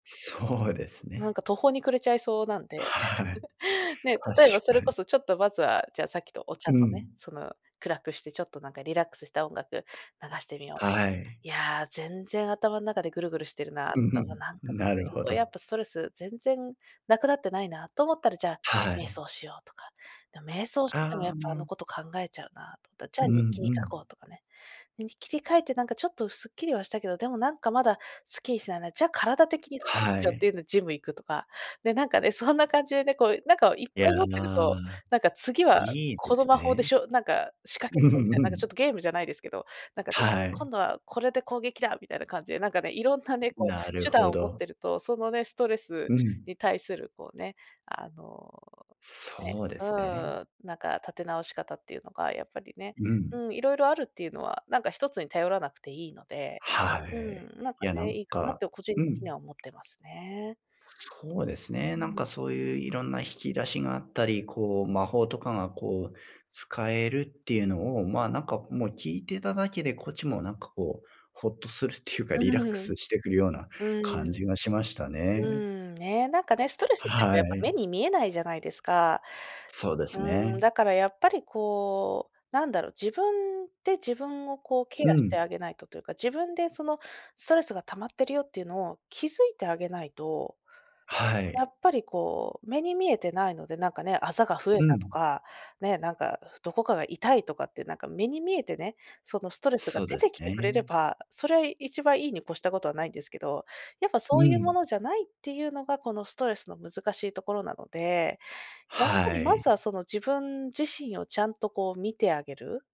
そうですなんね。か途方に暮れちゃいそうなんで。はい。ね、例えば確そかれこに。そ、ちょっとまずは、じゃあさっきとお茶うとね、ん。その、暗くしてちょっとなんかリラックスした音楽流してみよう。はい。いや、全然頭の中でぐるぐるしてるな、うんとふか、ま、ん、なんか、な [unintelligible] るすほごいやっど。ぱストレス全然無くなってないな、と思ったら、じゃあ、は瞑い。想しようとか、な、瞑想しててもやああ、うっぱあのん。こと考えちゃうな、とったら、じゃうあん日記にう書こん。うとかね。ね、日記に書いてなんかちょっとスッキリはしたけど、でもなんかまだスッキリしないな。じゃあ体的にスッキリはしようっていい。うのジム行くとか、で、なんかね、そんな感じでね、こうなんかいっいぱや、い持ってると、なんか「次はいいでこのす魔法でね。しょ」なんか「仕掛うけるんぞ」みたいうな、なんかちょっん。とゲームじゃないですけど、なんかね、はい。「今度はこれで攻撃だ！」みたいな感じで、なんかね、色んなね、こなう、る手ほ段を持っど。てると、そのね、ストレうスん。に対するこうね、あの、ねそうでうすね。んなんか立て直し方っていうのがやっぱりね、うん。うん、色々あるっていうのは、なんか1つに頼らなくていいので、はうい。ん、なんいかや、なね、んいいかなっかて個人う的にん。は思ってますね。そうですね。うなんん。かそういう色んな引き出しがあったり、こう、魔法とかがこう、使えるっていうのを、ま、何かもう聞いてただけで、こっちもなんかこう、ほっとするっていうか、リラックうん。スしてくるようなうん。感じがしましたうね。ん、ね、なんかね、ストレスってこうはやっぱ目い。に見えないじゃないですか。そうですうん、ね。だからやっぱりこう、なんだろう、自分で自分をこうケうアしてん。あげないとというか、自分でその、ストレスが溜まってるよっていうのを気づいてあげないと。はやい。っぱりこう、目に見えてないので、なんかね、あざが増えうたとん。か、ね、なんかどこかが痛いとかってなんか目に見えてね、そのストレスがそう出でてすきてくれね。れば、それはい一番いいに越したことはないんですけど、やっぱそうういうもん。のじゃないっていうのが、このストレスの難しいところなので、やっぱはりまい。ずは、その、自分自身をちゃんとこう見てあげる。